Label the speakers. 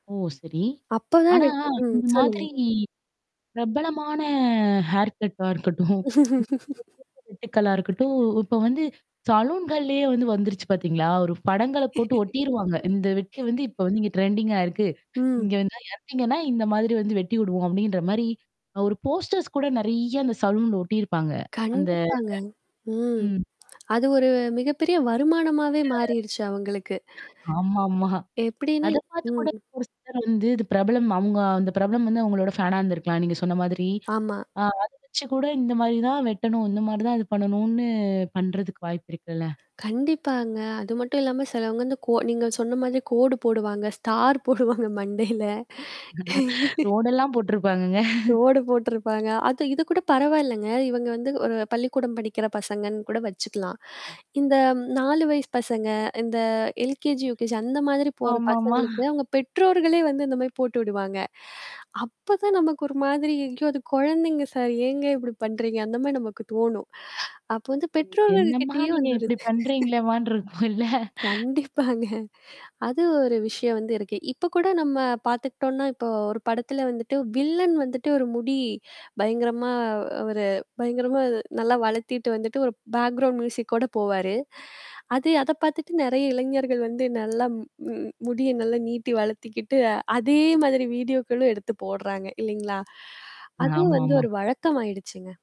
Speaker 1: ஓ! சரி.
Speaker 2: அப்பதான்
Speaker 1: ஆனா,
Speaker 2: எனக்கு ம்
Speaker 1: இந்த
Speaker 2: சொல்லுங்க.
Speaker 1: மாதிரி பிரபலமான ஹேர் கட்டா இருக்கட்டும். [unintelligible] வெட்டுக்களா இருக்கட்டும், இப்ப வந்து சாலூன்கள்லயே வந்து வந்துருச்சு பார்த்தீங்களா? ஒரு படங்கள போட்டு ஒட்டிருவாங்க. "இந்த வெட்டு வந்து இப்ப வந்து இங்க ட்ரெண்டிங்கா இருக்கு.
Speaker 2: ம்.
Speaker 1: இங்க வந்தா எடுத்தீங்கன்னா, இந்த மாதிரி வந்து வெட்டி விடுவோம்" அப்டின்ற மாரி அ ஒரு போஸ்டர்ஸ் கூட நிறைய அந்த சலூன்ல ஒட்டியிருப்பாங்க. அந்த
Speaker 2: கண்டிப்பாங்க. ம்.
Speaker 1: ம்.
Speaker 2: அது ஒரு
Speaker 1: [unintelligible]
Speaker 2: மிகப்பெரிய வருமானமாவே மாறிருச்சு அவங்களுக்கு.
Speaker 1: ஆமாமா.
Speaker 2: எப்டின்னா
Speaker 1: அத பார்த்து
Speaker 2: ம்.
Speaker 1: கூட. ஒரு சிலர் வந்து இது பிரபலம். அவுங்க அந்த பிரபலம் வந்து அவங்களோட ஃபேனா இருந்திருக்கலாம். நீங்க சொன்ன மாதிரி.
Speaker 2: ஆமா.
Speaker 1: ஆ அத வச்சு கூட இந்த மாரி தான் வெட்டணும். இந்த மாரி தான் இது பண்ணணும்னு பண்றதுக்கு வாய்ப்பு இருக்குல்ல.
Speaker 2: கண்டிப்பாங்க. அது மட்டும் இல்லாம சிலவங்க இந்த கோ நீங்க சொன்ன மாதிரி கோடு போடுவாங்க. ஸ்டார் போடுவாங்க மண்டையில.
Speaker 1: ரோடெல்லாம் போட்டுருப்பாங்கங்க.
Speaker 2: ரோடு போட்டுருப்பாங்க. அது இது கூட பரவாயில்லங்க. இவங்க வந்து ஒரு பள்ளிக்கூடம் படிக்கிற பசங்கன்னு கூட வச்சுக்கலாம். இந்த 4 வயசு பசங்க, இந்த எல்கேஜி யுகேஜி அந்த மாதிரி போற
Speaker 1: ஆமாமா.
Speaker 2: பசங்களுக்கு அவங்க பெற்றோர்களே வந்து இந்த மாரி போட்டு விடுவாங்க. அப்ப தான் நமக்கு ஒரு மாதிரி, "ஐயோ! அது குழந்தைங்க சார்! ஏங்க இப்டி பண்றீங்க?" அந்த மாரி நமக்கு தோணும். அப்போ வந்து பெற்றோர்கள்
Speaker 1: என்னம்மா!
Speaker 2: கிட்டயே
Speaker 1: நீங்க
Speaker 2: வந்து ஒரு
Speaker 1: இப்டி
Speaker 2: இது.
Speaker 1: பண்றீங்களேமான்னு இருக்கும் இல்ல?
Speaker 2: கண்டிப்பாங்க. அது ஒரு விஷயம் வந்து இருக்கு. இப்ப கூட நம்ம பார்த்துக்கிட்டோம்னா, இப்போ ஒரு படத்துல வந்துட்டு வில்லன் வந்துட்டு ஒரு முடி பயங்கரமா ஒரு பயங்கரமா நல்லா வளர்த்திட்டு வந்துட்டு ஒரு பேக்ரவுண்ட் மியூசிக் கூட போவாரு. அது அத பார்த்துட்டு நெறைய இளைஞர்கள் வந்து நல்லா ம் ம் முடிய நல்லா நீட்டி வளர்த்திக்கிட்டு அதே மாதிரி வீடியோக்களும் எடுத்து போடுறாங்க இல்லைங்களா? அது வந்து
Speaker 1: ஆமாமா.
Speaker 2: ஒரு வழக்கமாயிடுச்சுங்க.